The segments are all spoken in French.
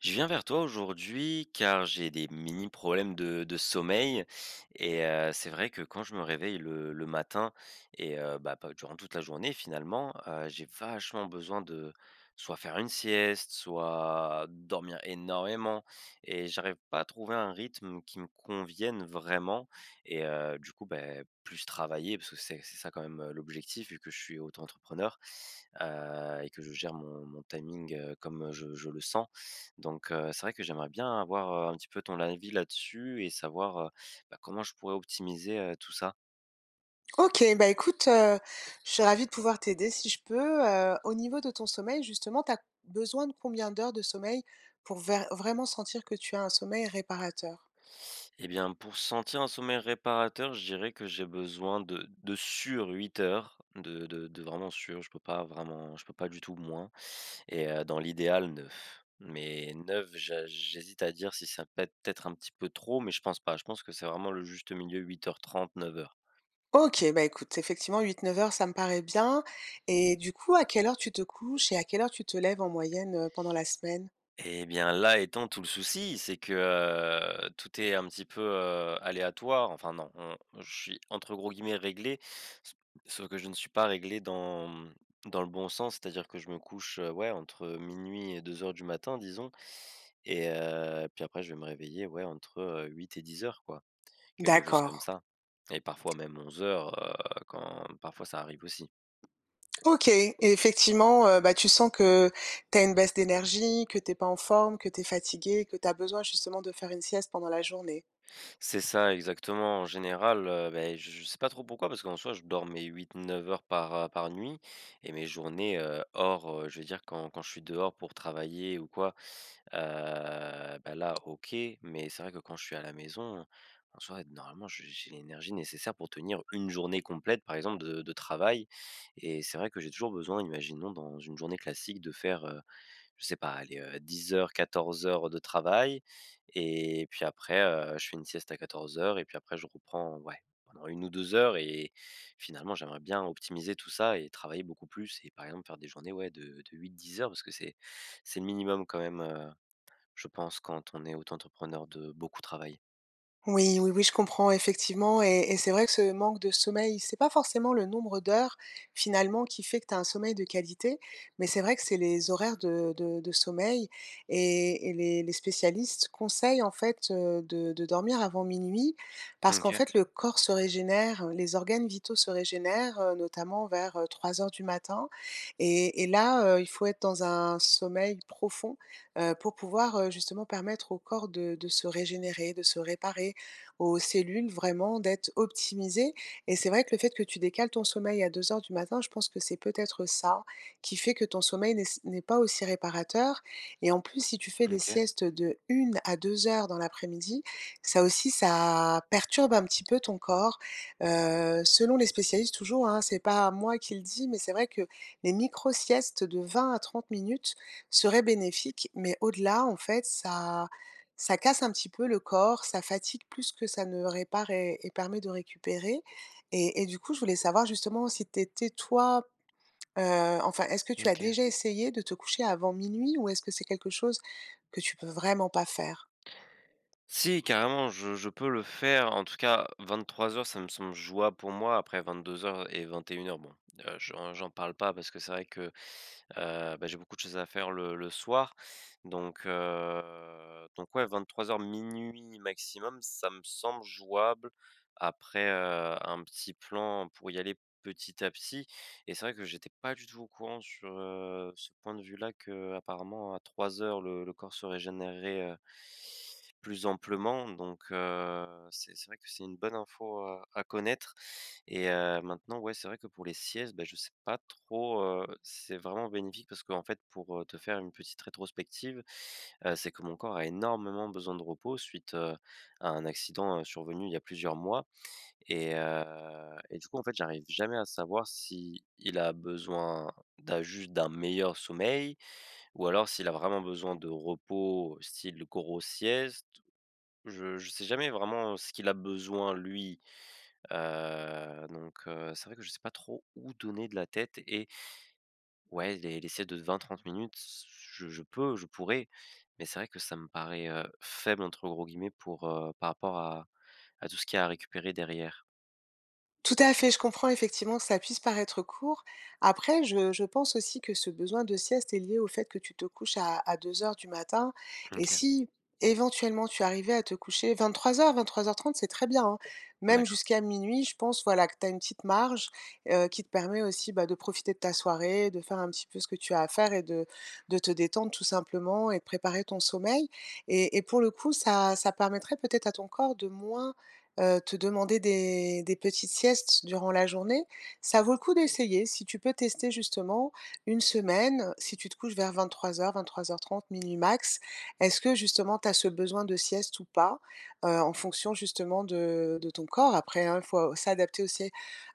Je viens vers toi aujourd'hui car j'ai des mini problèmes de de sommeil et heu, c'est vrai que quand je me réveille le le matin et heu, bah, [unintelligible] durant toute la journée, finalement, heu, j'ai vachement besoin de soit faire une sieste, soit dormir énormément et j'arrive pas à trouver un rythme qui me convienne vraiment et heu, du coup, beh, plus travailler, parce que c'est c'est ça quand même, heu, l'objectif, vu que je suis auto-entrepreneur, heu et que je gère mon mon timing, heu, comme je je le sens. Donc, heu, c'est vrai que j'aimerais bien avoir, heu, un petit peu ton avis là-dessus et savoir, heu, bah, comment je pourrais optimiser, heu, tout ça? OK, bah, écoute, heu, je suis ravie de pouvoir t'aider si je peux. Heu, au niveau de ton sommeil, justement tu as besoin de combien d'heures de sommeil, pour vair vraiment sentir que tu as un sommeil réparateur? Et bien pour sentir un sommeil réparateur, je dirais que j'ai besoin de de, sûr, 8 heures de de de vraiment sûr. Je peux pas vraiment je peux pas du tout moins et heu, dans l'idéal 9. Mais 9 ja j'hésite à dire si ça peut être un petit peu trop. Mais je pense pas, je pense que c'est vraiment le juste milieu 8 heures 30, 9 heures. OK. Bah, écoute, effectivement 8-9 heures, ça me paraît bien et du coup, à quelle heure tu te couches et à quelle heure tu te lèves en moyenne, heu, pendant la semaine? Et bien, là étant tout le souci! C'est que, tout est un petit peu, heu, aléatoire, enfin, non, on je suis entre gros guillemets, «réglé», s sauf que je ne suis pas réglé dans, mmh, dans le bon sens, c'est-à-dire que je me couche, heu, ouais, entre 12:00 et 02:00, disons et heu, puis après je vais me réveiller, ouais, entre, heu, 8 et 10:00 quoi. Quelque chose D'accord. comme ça, et parfois même 11:00, heu, quand, parfois ça arrive aussi. OK. Effectivement, heu, bah, tu sens que, tu as une baisse d'énergie, que tu es pas en forme, que tu es fatigué, que tu as besoin justement de faire une sieste pendant la journée. C'est ça, exactement! En général, heu, beh, j je sais pas trop pourquoi, parce qu'en soit je dors mes 8-9 heures par, heu, par nuit et mes journées, heu, hors, heu, je veux dire quand quand je suis dehors pour travailler ou quoi heu, bah, là OK. Mais c'est vrai, que quand je suis à la maison en soi, normalement je j'ai l'énergie nécessaire pour tenir 1 journée complète par exemple de de travail et c'est vrai que j'ai toujours besoin, imaginons dans une journée classique, de faire, heu, je sais pas, aller, heu, 10.00-14:00 de travail et puis après, heu, je fais une sieste à 14:00 et puis après je reprends, ouais, pendant 1 ou 2 heures et finalement j'aimerais bien optimiser tout ça et travailler beaucoup plus et par exemple faire des journées, ouais, de de 8-10 heures, parce que c'est c'est le minimum quand même, heu, je pense, quand on est auto-entrepreneur, de beaucoup travailler. Oui, oui, oui, je comprends, effectivement et et c'est vrai que ce manque de sommeil, c'est pas forcément le nombre d'heures, finalement, qui fait que tu as un sommeil de qualité. Mais c'est vrai que c'est les horaires de de de sommeil et et les les spécialistes conseillent, en fait, heu, de de dormir avant 00:00 Mmh, parce qu'en OK. fait, le corps se régénère, les organes vitaux se régénèrent, heu, notamment vers, heu, 03:00 du matin et et là, heu, il faut être dans un sommeil profond, heu, pour pouvoir, heu, justement permettre au corps de de se régénérer, de se réparer, aux cellules vraiment d'être optimisées. Et c'est vrai que le fait que tu décales ton sommeil à 02:00, je pense que c'est peut-être ça, qui fait que ton sommeil n'est s n'est pas aussi réparateur et en plus, si tu fais Mmh, des OK. siestes de 1 à 2 heures dans l'après-midi, ça aussi, ça perturbe un petit peu ton corps. Heu, selon les spécialistes, toujours hein, c'est pas moi qui le dis, mais c'est vrai que les micro-siestes de 20 à 30 minutes seraient bénéfiques. Mais au-delà, en fait, ça ça casse un petit peu le corps. Ça fatigue plus que ça ne répare et et permet de récupérer et et du coup, je voulais savoir justement si tu étais, toi, heu, enfin, est-ce que Mmh, tu as OK. déjà essayé de te coucher avant 00:00 ou est-ce que c'est quelque chose que tu peux vraiment pas faire? Si, carrément, je je peux le faire. En tout cas, 23:00, ça me semble jouable pour moi. Après 22:00 et 21:00, bon, heu, j'en j'en parle pas parce que c'est vrai que, heu, ben, j'ai beaucoup de choses à faire le le soir donc, heu, donc ouais, 23:00, 00:00 maximum, ça me semble jouable, après, heu, un petit plan pour y aller petit à petit. Et c'est vrai que j'étais pas du tout au courant sur, heu, ce point de vue-là qu'apparemment à 03:00 le le corps se régénèrerait heu plus amplement. Donc, heu, c'est c'est vrai que c'est une bonne info à à connaître et heu, maintenant, ouais, c'est vrai que pour les siestes, beh, je sais pas trop, heu, c'est vraiment bénéfique parce qu'en fait pour, heu, te faire une petite rétrospective, heu, c'est que mon corps a énormément besoin de repos, suite, heu, à un accident survenu, il y a plusieurs mois et heu, et du coup, en fait, j'arrive jamais à savoir s'il a besoin d'un juste d'un meilleur sommeil ou alors s'il a vraiment besoin de repos, style grosse sieste. Je je sais jamais vraiment ce qu'il a besoin, lui, heu, donc, heu, c'est vrai que je sais pas trop où donner de la tête et ouais, les s les siestes de 20-30 minutes, c c je je peux, je pourrais mais c'est vrai que ça me parait, heu, «faible», entre gros guillemets, pour, heu, par rapport à à tout ce qu'il y a à récupérer derrière. Tout à fait, je comprends effectivement que ça puisse paraître court. Après je je pense aussi que ce besoin de sieste est lié au fait que tu te couches à à 02.00 du matin. Mmh, Et OK. si éventuellement tu arrivais à te coucher 23:00-23:30, c'est très bien, hein. Même D'accord. jusqu'à 00:00, je pense, voilà que tu as une petite marge, heu, qui te permet aussi, bah, de profiter de ta soirée, de faire un petit peu ce que tu as à faire et de de te détendre tout simplement et de préparer ton sommeil. Et et pour le coup, ça ça permettrait peut-être à ton corps de moins, heu, te demander des des petites siestes durant la journée. Ça vaut le coup d'essayer, si tu peux tester justement 1 semaine, si tu te couches vers 23:00-23:30, 00:00 max, est-ce que justement, tu as ce besoin de sieste ou pas? Heu, en fonction justement de de ton corps après, hein, il faut s'adapter aussi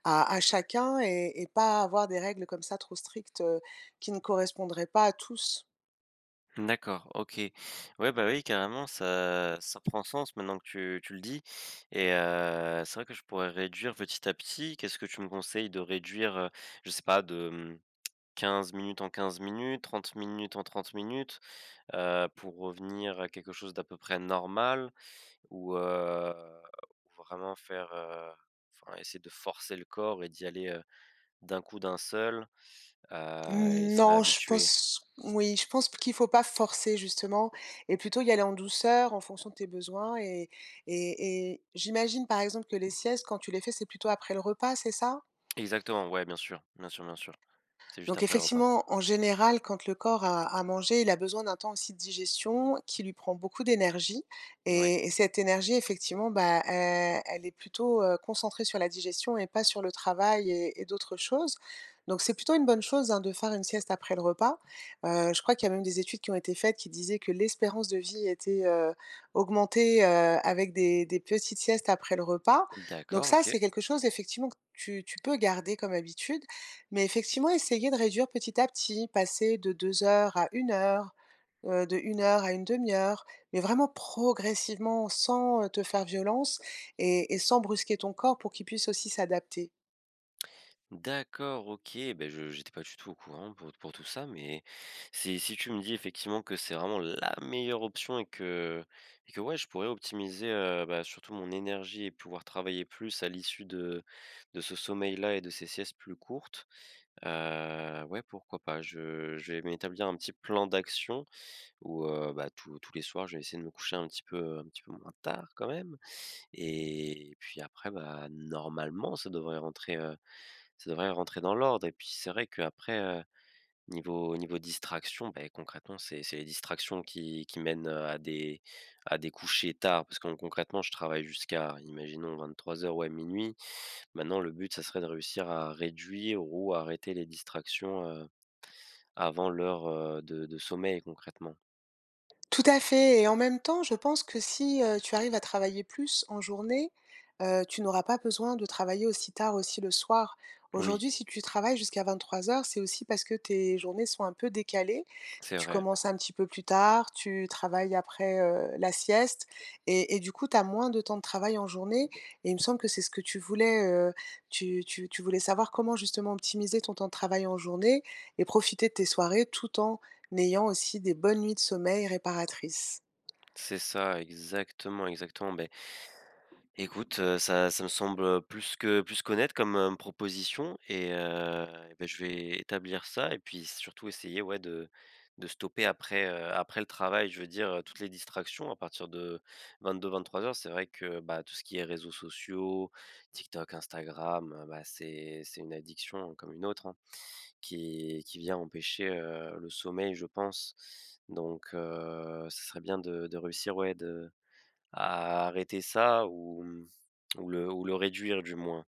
à à chacun et et pas avoir des règles comme ça trop strictes, heu, qui ne correspondraient pas à tous. D'accord. OK. Ouais, ben, oui carrément, ça ça prend sens maintenant que tu tu le dis, et heu, c'est vrai que je pourrais réduire petit à petit, qu'est-ce que tu me conseilles, de réduire, heu, je sais pas de, mmh, 15 minutes en 15 minutes, 30 minutes en 30 minutes, heu, pour revenir à quelque chose d'à peu près normal? Ou, heu, vraiment faire, heu, enfin essayer de forcer le corps et d'y aller, heu, d'un coup d'un seul, heu, et se Non, je réhabituer? pense, oui, je pense p qu'il faut pas forcer justement et plutôt y aller en douceur en fonction de tes besoins et et et j'imagine par exemple que les siestes quand tu les fais, c'est plutôt après le repas, c'est ça? Exactement, ouais, bien sûr, bien sûr, bien sûr. C'est juste Donc après le repas. effectivement, en général quand le corps a a mangé, il a besoin d'un temps aussi de digestion qui lui prend beaucoup d'énergie Oui. et et cette énergie effectivement, bah, e elle est plutôt, heu, concentrée sur la digestion et pas sur le travail et et d'autres choses. Donc c'est plutôt une bonne chose, hein, de faire une sieste après le repas, heu, je crois qu'il y a même des études qui ont été faites qui disaient que l'espérance de vie était, heu, augmentée, heu, avec des des petites siestes après le repas. Donc D'accord, ça, OK. c'est quelque chose effectivement que tu tu peux garder comme habitude, mais effectivement essayer de réduire petit à petit, passer de 2 heures à 1 heure, heu, de 1 heure à une 1/2 heure, mais vraiment progressivement sans, heu, te faire violence et et sans brusquer ton corps pour qu'il puisse aussi s'adapter. D'accord, OK. Beh, je j'étais pas du tout au courant pour pour tout ça mais si si tu me dis effectivement, que c'est vraiment la meilleure option et que et que, ouais, je pourrais optimiser, heu, bah, surtout mon énergie et pouvoir travailler plus à l'issue de de ce sommeil-là, et de ces siestes plus courtes, heu, ouais pourquoi pas? Je je vais m'établir un petit plan d'action, où, heu, bah, tous tous les soirs je vais essayer de me coucher un petit peu un petit peu moins tard, quand même. Et puis après, bah, normalement, ça devrait rentrer, heu, ça devrait rentrer dans l'ordre. Et puis c'est vrai, qu'après, heu, niveau niveau distractions, beh, concrètement, c'est c'est les distractions qui qui mènent, heu, à des à des couchers tard, parce que con concrètement, je travaille jusqu'à, imaginons, 23:00, ouais, 00:00. Maintenant le but, ça serait de réussir à réduire, ou arrêter les distractions, heu, avant l'heure, heu, de de sommeil, concrètement. Tout à fait, et en même temps, je pense que si, heu, tu arrives à travailler plus en journée, heu, tu n'auras pas besoin de travailler aussi tard, aussi le soir. Oui. Aujourd'hui, si tu travailles jusqu'à 23:00, c'est aussi parce que tes journées sont un peu décalées. C'est Tu vrai. commences un petit peu plus tard, tu travailles après, heu, la sieste et et du coup, tu as moins de temps de travail en journée, et il me semble que c'est ce que tu voulais, heu, tu tu tu voulais savoir comment justement optimiser ton temps de travail en journée et profiter de tes soirées, tout en ayant aussi des bonnes nuits de sommeil réparatrices. C'est ça, exactement, exactement, beh écoute, heu, ça ça me semble, heu, plus que plus qu'honnête, comme, hem, proposition, et heu, et beh, je vais établir ça, et puis surtout essayer, ouais, de de stopper après, heu, après le travail, je veux dire, heu, toutes les distractions. À partir de 22:00-23:00, c'est vrai que, bah, tout ce qui est réseaux sociaux, TikTok, Instagram, heu, bah, c'est c'est une addiction, hein, comme une autre, hein, qui qui vient empêcher, heu, le sommeil je pense. Donc, heu, ce serait bien de de réussir, ouais de à arrêter ça, ou, mmh, ou le ou le réduire, du moins.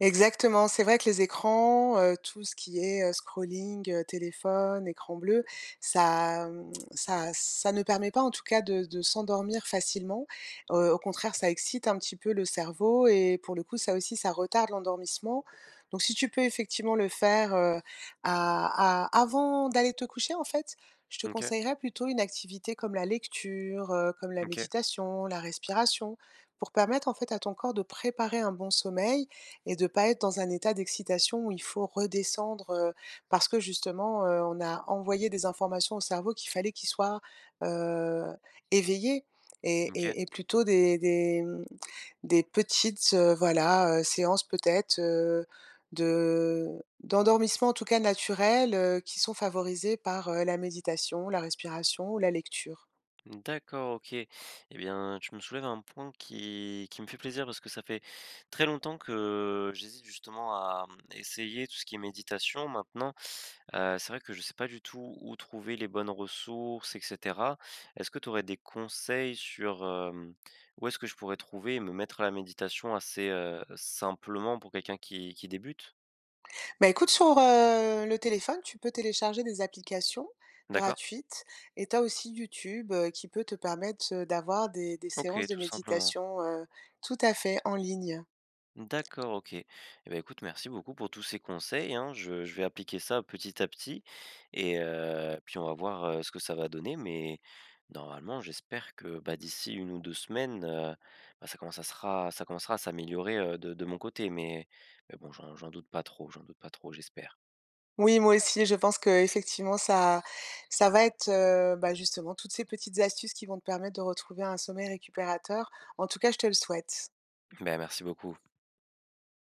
Exactement, c'est vrai que les écrans, heu, tout ce qui est, heu, scrolling, heu, téléphone, écran bleu, ça, hem, ça ça ne permet pas, en tout cas, de de s'endormir facilement. Heu, au contraire, ça excite un petit peu le cerveau et pour le coup, ça aussi, ça retarde l'endormissement, donc, si tu peux effectivement, le faire, heu, a a avant d'aller te coucher, en fait, je te Mmh OK. conseillerais plutôt une activité comme la lecture, heu, comme la Mmh OK. méditation, la respiration. Pour permettre en fait, à ton corps de préparer un bon sommeil et de pas être dans un état d'excitation où il faut redescendre, heu, parce que, justement, heu, on a envoyé des informations au cerveau, qu'il fallait qu'il soit, heu, éveillé et Mmh OK. et et plutôt des des, hem, des petites, heu, voilà, heu, séances peut-être, heu, de d'endormissement en tout cas naturel, heu, qui sont favorisées par, heu, la méditation, la respiration ou la lecture. D'accord, OK, et bien, tu me soulèves un point qui qui me fait plaisir, parce que ça fait très longtemps que j'hésite justement à, hem, essayer tout ce qui est méditation. Maintenant, heu, c'est vrai que je sais pas du tout où trouver les bonnes ressources et cetera. Est-ce que tu aurais des conseils sur, hem, où est-ce que je pourrais trouver et me mettre à la méditation, assez, heu, simplement pour quelqu'un qui qui débute? Bah, écoute, sur, heu, le téléphone, tu peux télécharger des applications D'accord. gratuites et tu as aussi YouTube, heu, qui peut te permettre, heu, d'avoir des des OK, séances de tout simplement. méditation, heu tout à fait, en ligne. D'accord, OK, et bah, écoute, merci beaucoup pour tous ces conseils, hein, je je vais appliquer ça petit à petit, et heu, puis on va voir, heu, ce que ça va donner mais normalement, j'espère que, bah, d'ici 1 ou 2 semaines, heu, bah, ça commence à sera ça commencera à s'améliorer, heu, de de mon côté, mais mais bon, j'en j'en doute pas trop j'en doute pas trop, j'espère. Oui, moi aussi, je pense qu'effectivement ça ça va être, heu, bah, justement, toutes ces petites astuces qui vont te permettre de retrouver un sommeil récupérateur. En tout cas, je te le souhaite. Beh, merci beaucoup.